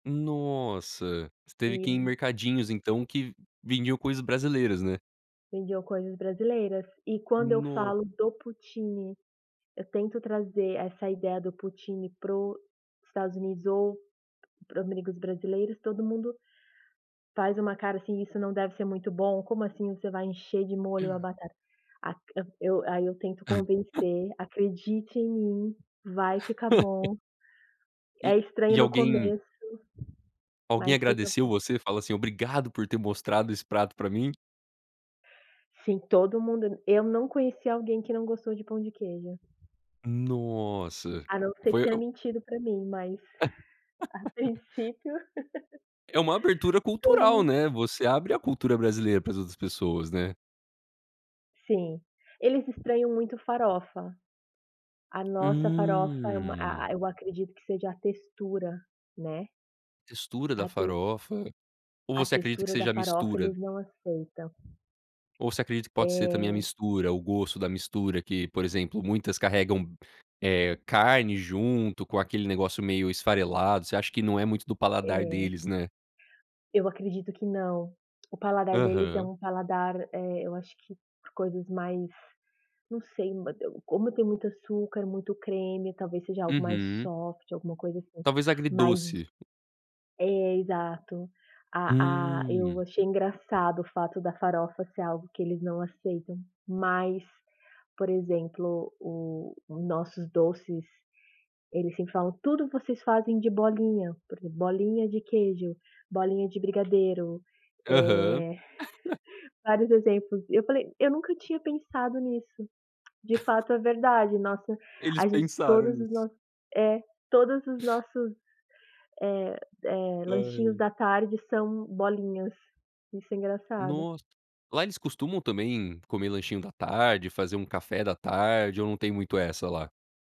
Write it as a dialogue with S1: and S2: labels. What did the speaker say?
S1: Nossa, você teve que ir em
S2: [unintelligible]
S1: mercadinhos então que, vendiam coisas brasileiras, né.
S2: Vendiam coisas brasileiras, e quando eu
S1: No
S2: falo do poutine, eu tento trazer essa ideia do poutine, para o Estados Unidos ou pra amigos brasileiros, todo mundo faz uma cara assim: "Isso não deve ser muito bom, como assim você vai encher de molho a batata?". Aq a eu aí eu tento convencer: "Acredite em mim, vai ficar bom,
S1: E
S2: é estranho
S1: e
S2: no
S1: alguém
S2: começo,
S1: alguém
S2: mas fica
S1: agradeceu
S2: bom".
S1: você e falou assim: "Obrigado por ter mostrado esse prato para mim?".
S2: Sim, todo mundo Eu não conheci alguém que não gostou de pão de queijo.
S1: Nossa,
S2: A não ser que
S1: foi
S2: tenha
S1: a o
S2: mentido para mim mas, a princípio
S1: É uma abertura
S2: todo
S1: cultural,
S2: mundo
S1: né, você abre a cultura brasileira para as outras pessoas, né.
S2: Sim, eles estranham muito farofa. A nossa farofa é uma a
S1: Hum.
S2: a eu acredito que seja a textura, né.
S1: Textura
S2: A
S1: da
S2: tex
S1: farofa. Ou
S2: a
S1: você acredita que
S2: textura da
S1: seja a
S2: farofa
S1: mistura?
S2: eles não aceitam.
S1: Ou você acredita que pode ser também a
S2: É.
S1: mistura, o gosto da mistura que, por exemplo, muitas carregam, eh, carne junto com aquele negócio meio esfarelado, você acha que não é muito do paladar
S2: É.
S1: deles, né?
S2: Eu acredito que não, o paladar deles é
S1: Aham.
S2: um paladar, eh, eu acho que pra coisas mais não sei, como tem muito açúcar, muito creme, talvez seja algo mais
S1: Uhum.
S2: soft, alguma coisa assim,
S1: Talvez
S2: mais
S1: agridoce.
S2: é exato, a a eu
S1: Hum.
S2: achei engraçado o fato da farofa ser algo que eles não aceitam, mas, por exemplo, o nossos doces, eles sempre falam: "Tudo vocês fazem de bolinha, [unintelligible] bolinha de queijo, bolinha de brigadeiro,
S1: Aham.
S2: eh" Vários exemplos, eu falei: "Eu nunca tinha pensado nisso". De fato é verdade, nossa,
S1: Eles
S2: a gente
S1: pensaram
S2: todos os
S1: nisso.
S2: nossos é, todos os nossos, eh eh, lanchinhos
S1: Ai.
S2: da tarde são bolinhas, isso é
S1: Nossa,
S2: engraçado.
S1: lá eles costumam também comer lanchinho da tarde, fazer um café da tarde ou não tem muito essa lá?